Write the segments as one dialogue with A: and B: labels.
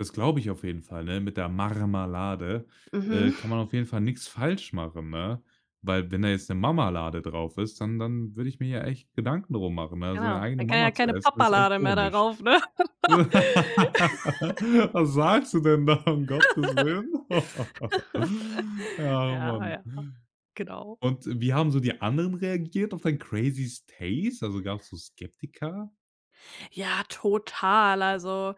A: Das glaube ich auf jeden Fall, ne, mit der Marmalade,
B: Mhm.
A: äh, kann man auf jeden Fall nix falsch machen, ne, weil wenn da jetzt 'ne Mamalade drauf ist, dann dann würde ich mir ja echt Gedanken darum machen, ne, seine
B: Genau,
A: eigene
B: dann kann ja
A: Mama zu
B: keine
A: essen, das ist echt
B: Papalade mehr
A: komisch.
B: darauf, ne?
A: Was sagst du denn da? Um Gottes Willen. Ja,
B: Ja,
A: Mann.
B: ja. Genau.
A: Und wie haben so die anderen reagiert auf dein crazy stace? Also, gab's so Skeptiker?
B: Ja, total, also,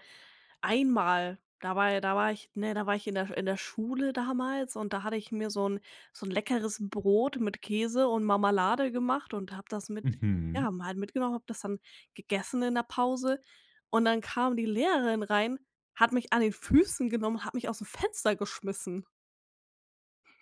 B: einmal da war da war ich ne, da war ich in der in der Schule damals und da hatte ich mir so 'n so 'n leckeres Brot mit Käse und Mamalade gemacht und habe das mit
A: Mhm.
B: ja, mal mitgenommen, habe das dann gegessen in 'ner Pause. Und dann kam die Lehrerin rein, hat mich an den Füßen genommen, hat mich aus'm Fenster geschmissen.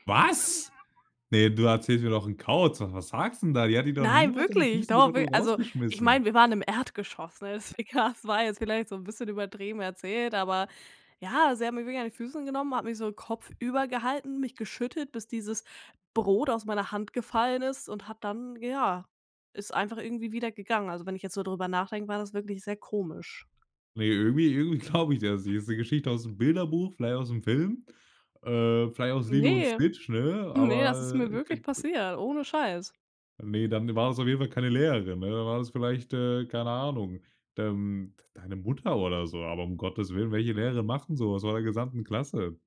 A: Was? Ne, du erzählst mir doch 'n Kauz. Was was sagst 'n da? Die hat dich doch
B: Nein,
A: niemals an den
B: wirklich.
A: Füßen
B: Doch,
A: genommen
B: wir
A: und
B: also, ich
A: rausgeschmissen.
B: meine, wir waren im Erdgeschoss, ne? Das we ka das war jetzt vielleicht so 'n bisschen übertrieben erzählt, aber ja, sie hat mich wirklich an die Füße genommen, hat mich so kopfüber gehalten, mich geschüttet, bis dieses Brot aus meiner Hand gefallen ist und hat dann ja, ist einfach irgendwie wieder gegangen. Also, wenn ich jetzt so drüber nachdenke, war das wirklich sehr komisch.
A: Ne, irgendwie irgendwie glaube ich das nicht. Ist 'ne Geschichte aus'm Bilderbuch, vielleicht aus'm Film, äh, vielleicht aus „Lilo und
B: Ne,
A: Snitch“, ne,
B: ne, das ist
A: aber
B: mir wirklich
A: geg ge
B: passiert, ohne Scheiß.
A: Ne, dann war's auf jeden Fall keine Lehrerin, ne? Dann war's vielleicht, äh, keine Ahnung, ähm, d deine Mutter oder so, aber um Gottes Willen, welche Lehrerin macht 'n so was vor der gesamten Klasse?